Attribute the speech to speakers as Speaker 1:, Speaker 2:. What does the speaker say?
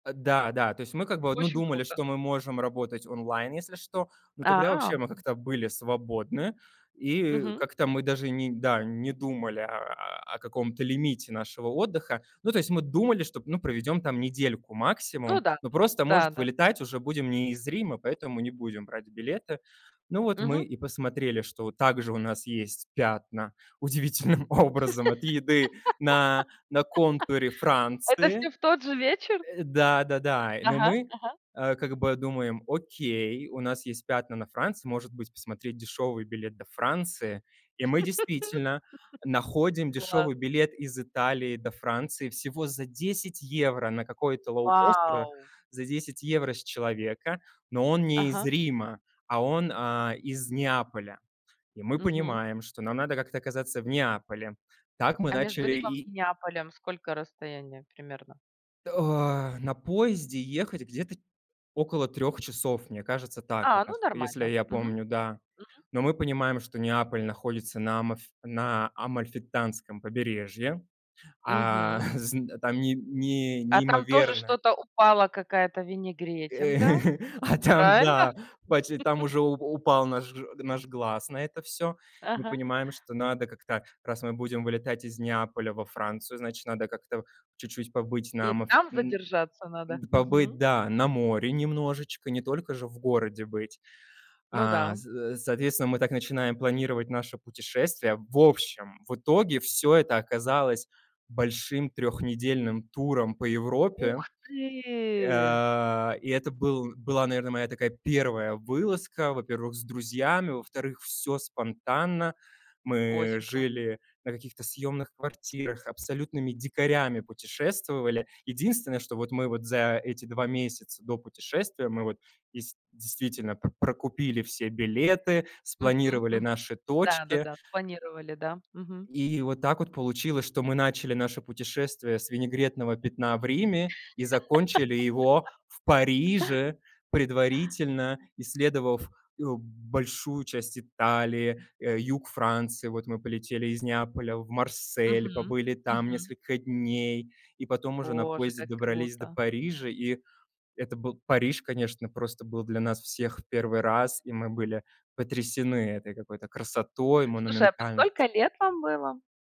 Speaker 1: Э, да, да, то есть мы как бы од мы
Speaker 2: Очень
Speaker 1: думали,
Speaker 2: круто.
Speaker 1: что мы можем работать онлайн, если что. Но тогда вообще
Speaker 2: А,
Speaker 1: мы как-то были свободны, и
Speaker 2: Мгм.
Speaker 1: как-то мы даже ни да, не думали, а, о каком-то лимите нашего отдыха. Ну, то есть мы думали, что, ну, проведем там недельку
Speaker 2: Ну
Speaker 1: максимум,
Speaker 2: да,
Speaker 1: но просто, может,
Speaker 2: да-да.
Speaker 1: вылетать уже будем не из Рима, поэтому не будем брать билеты. Ну вот
Speaker 2: Мгм.
Speaker 1: мы и посмотрели, что также у нас есть пятна удивительным образом от еды на на контуре
Speaker 2: Это
Speaker 1: Франции.
Speaker 2: всё в тот же вечер?
Speaker 1: Э, да-да-да, но
Speaker 2: Ага,
Speaker 1: мы,
Speaker 2: ага.
Speaker 1: э, как бы думаем: "Окей, у нас есть пятна на Франции, может быть, посмотреть дешевый билет до Франции?" И мы действительно находим
Speaker 2: Класс.
Speaker 1: дешевый билет из Италии до Франции всего за 10 евро на какой-то лоукостер,
Speaker 2: Вау!
Speaker 1: за 10 евро с человека, но он не из
Speaker 2: Ага.
Speaker 1: Рима, а он, а, из Неаполя. И мы
Speaker 2: Мгм.
Speaker 1: понимаем, что нам надо как-то оказаться в Неаполе. Так мы
Speaker 2: А между
Speaker 1: начали
Speaker 2: Римом и
Speaker 1: и
Speaker 2: Неаполем сколько расстояние примерно?
Speaker 1: О, на поезде ехать где-то около 3 часов. Мне кажется, так как
Speaker 2: А, ну,
Speaker 1: раз. Если
Speaker 2: нормально,
Speaker 1: я
Speaker 2: мгм.
Speaker 1: помню, да.
Speaker 2: Мгм.
Speaker 1: Но мы понимаем, что Неаполь находится на амаф на Амальфитанском побережье. А,
Speaker 2: Мгм.
Speaker 1: зн там ним ни
Speaker 2: А там тоже
Speaker 1: неимоверное
Speaker 2: что-то упало, какая-то
Speaker 1: Э,
Speaker 2: винегретинка,
Speaker 1: а там,
Speaker 2: правильно?
Speaker 1: да, пачи там уже уже у у упал наш наш глаз на это всё. Мы
Speaker 2: Ага.
Speaker 1: понимаем, что надо как-то раз мы будем вылетать из Неаполя во Францию, значит, надо как-то чуть-чуть побыть на
Speaker 2: И
Speaker 1: амаф
Speaker 2: там
Speaker 1: н
Speaker 2: задержаться надо?
Speaker 1: н
Speaker 2: Мгм.
Speaker 1: побыть, да, на море немножечко, не только же в городе быть.
Speaker 2: Ну
Speaker 1: А, з
Speaker 2: да.
Speaker 1: за соответственно, мы так начинаем планировать наше путешествие. В общем, в итоге всё это оказалось большим трехнедельным туром по Европе.
Speaker 2: Ух ты!
Speaker 1: Э, и это был была, наверно, моя такая 1 вылазка: во-первых, с друзьями, во-вторых, всё спонтанно. Мы
Speaker 2: Очень кла
Speaker 1: жили на каких-то съёмных квартирах, абсолютными дикарями путешествовали. Единственное, что вот мы вот за эти 2 месяца до путешествия мы вот дес действительно про прокупили все билеты,
Speaker 2: Мгм,
Speaker 1: спланировали
Speaker 2: мгм.
Speaker 1: наши точки.
Speaker 2: Да-да-да. Спланировали, да? Мгм.
Speaker 1: И вот так вот получилось, что мы начали наше путешествие с винегретного пятна в Риме и закончили его в Париже, предварительно исследовав, э, большую часть Италии, э, юг Франции. Вот мы полетели из Неаполя в Марсель,
Speaker 2: Мгм,
Speaker 1: побыли там
Speaker 2: мгм.
Speaker 1: несколько дней, и потом уже на
Speaker 2: Боже,
Speaker 1: поезде
Speaker 2: как
Speaker 1: добрались до
Speaker 2: круто!
Speaker 1: Парижа. И это был Париж, конечно, просто был для нас всех в 1 раз, и мы были потрясены этой какой-то красотой,
Speaker 2: Слушай, а по сколько
Speaker 1: монументальностью.
Speaker 2: лет вам было?